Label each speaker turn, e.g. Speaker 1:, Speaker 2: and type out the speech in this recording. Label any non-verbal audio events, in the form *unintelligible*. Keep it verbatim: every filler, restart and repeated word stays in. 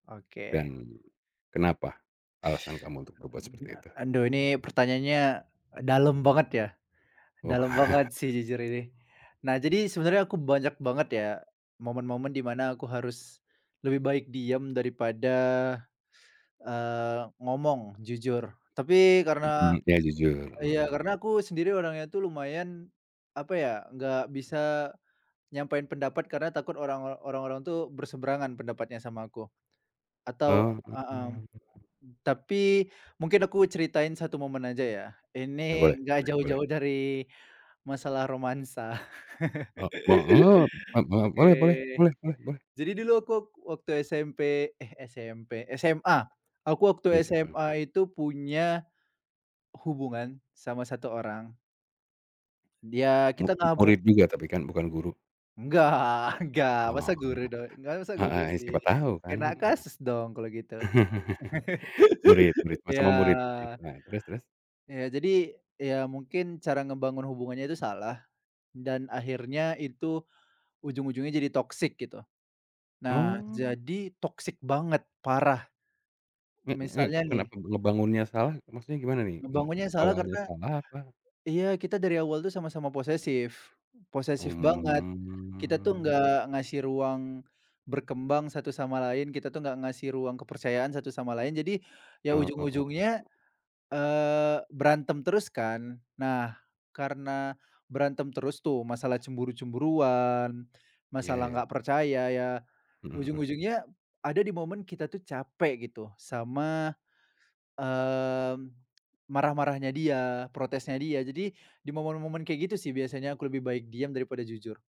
Speaker 1: Oke.
Speaker 2: Dan, kenapa, alasan kamu untuk
Speaker 1: *sucks teeth*
Speaker 2: berbuat
Speaker 1: Aduh
Speaker 2: seperti
Speaker 1: gila,
Speaker 2: itu?
Speaker 1: anduh ini pertanyaannya dalem banget ya, dalem
Speaker 2: Wah.
Speaker 1: banget sih jujur ini. Nah, jadi sebenarnya aku banyak banget ya, momen-momen di mana aku harus lebih baik diam daripada, eee, ngomong jujur. Tapi karena
Speaker 2: Mmm, iya. jujur,
Speaker 1: iya,
Speaker 2: mhm.
Speaker 1: karena aku sendiri orangnya tuh lumayan, apa ya, nggak bisa nyampein pendapat karena takut orang or orang-orang tuh berseberangan pendapatnya sama aku. Atau,
Speaker 2: Oh.
Speaker 1: mmm. Tapi, mungkin aku ceritain satu momen aja ya.
Speaker 2: Nah boleh,
Speaker 1: Ini
Speaker 2: boleh
Speaker 1: nggak
Speaker 2: boleh.
Speaker 1: jauh-jauh dari, masalah romansa.
Speaker 2: Ah,
Speaker 1: *laughs*
Speaker 2: maaf. Maaf maaf,
Speaker 1: Oke.
Speaker 2: boleh boleh boleh boleh boleh.
Speaker 1: Jadi dulu aku wak waktu SMP, eh, SMP, SMA. Aku
Speaker 2: Ama
Speaker 1: waktu
Speaker 2: siapa?
Speaker 1: SMA itu punya, hubungan sama satu orang. Dia
Speaker 2: Mu
Speaker 1: kita nggak mung
Speaker 2: murid juga tapi kan, bukan guru?
Speaker 1: Nggak nggak,
Speaker 2: Ah,.
Speaker 1: masa guru
Speaker 2: *unintelligible*
Speaker 1: dong nggak masa guru
Speaker 2: Heeh. Ya,
Speaker 1: sih.
Speaker 2: siapa tahu kan.
Speaker 1: Kena
Speaker 2: Nah.
Speaker 1: kasus dong kalau gitu.
Speaker 2: *laughs* Murid murid,
Speaker 1: *laughs*
Speaker 2: ma
Speaker 1: Iya.
Speaker 2: sama murid. Ih, nah, terus terus.
Speaker 1: Iya, jadi. Iya, mungkin cara ngebangun hubungannya itu salah, dan akhirnya itu ujung-ujungnya jadi toxic gitu. Nah,
Speaker 2: Oh.
Speaker 1: jadi, toxic banget, parah.
Speaker 2: Heeh,
Speaker 1: M
Speaker 2: ya
Speaker 1: misalnya
Speaker 2: kan.
Speaker 1: nih
Speaker 2: Kenapa ngebangunnya salah, maksudnya gimana nih? Mmm,
Speaker 1: Ngebangunnya yang salah
Speaker 2: awalnya
Speaker 1: karena
Speaker 2: salah, apa?
Speaker 1: iya, kita dari awal tuh sama-sama posesif, posesif banget. Kita tuh
Speaker 2: Mmm.
Speaker 1: enggak ngasih ruang berkembang satu sama lain, kita tuh enggak ngasih ruang kepercayaan satu sama lain. Jadi, ya
Speaker 2: Oh, o o.
Speaker 1: ujung-ujungnya, eee, berantem terus kan. Nah, karena berantem terus tuh, masalah cemburu-cemburuan,
Speaker 2: Ya ya
Speaker 1: masalah nggak
Speaker 2: ya.
Speaker 1: percaya. Ya,
Speaker 2: Heeh heeh.
Speaker 1: ujung-ujungnya ada di momen kita tuh capek gitu, sama, mmm, marah-marahnya dia, protesnya dia. Jadi, di momen-momen kayak gitu sih biasanya aku lebih baik diam daripada jujur.